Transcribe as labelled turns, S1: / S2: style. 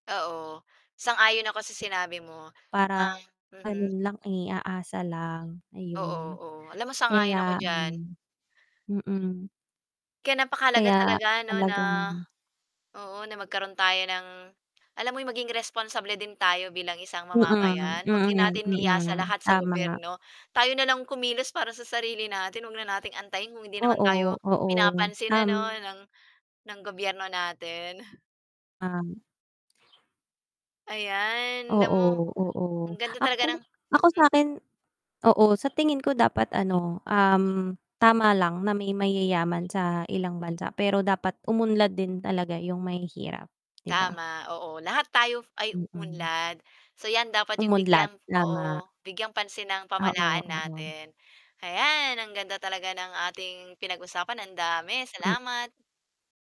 S1: Oo, sang-ayon ako sa sinabi mo na
S2: Parang, ano
S1: mhm.
S2: lang, eh, aasa lang,
S1: Oo,
S2: ayun.
S1: oo, alam mo sang-ayon ako
S2: Kaya ano,
S1: diyan.
S2: mm.
S1: Kaya napakahalaga
S2: Kaya
S1: talaga 'no na,
S2: talagang
S1: oo na magkaroon tayo ng alam mo 'yung maging responsable din tayo bilang isang
S2: Mm,
S1: mamamayan, huwag din
S2: mm,
S1: natin iasa
S2: mm,
S1: lahat sa
S2: tama.
S1: gobyerno. Tayo na lang kumilos para sa sarili natin, 'wag na nating antayin kung hindi naman
S2: Oo,
S1: tayo,
S2: oo,
S1: pinapansin
S2: tam
S1: ano ng ng gobyerno natin.
S2: Um
S1: Ayan, alam mo
S2: Oo, oo,
S1: ang ganda talaga
S2: ako
S1: ng
S2: ako
S1: mhm.
S2: sa'kin, oo, sa tingin ko dapat ano, um, tama lang na may mayayaman sa ilang bansa, pero dapat umunlad din talaga 'yung mahihirap, 'di ba?
S1: Tama, oo, lahat tayo ay
S2: Mm.
S1: uunlad. So 'yan dapat 'yung
S2: Umunlad,
S1: bigyang
S2: tama.
S1: oo, bigyang pansin ng
S2: Oo,
S1: pamahalaan
S2: oo.
S1: natin. Hayan, ang ganda talaga ng ating pinag-usapan, ang dami.
S2: Hmm.
S1: Salamat.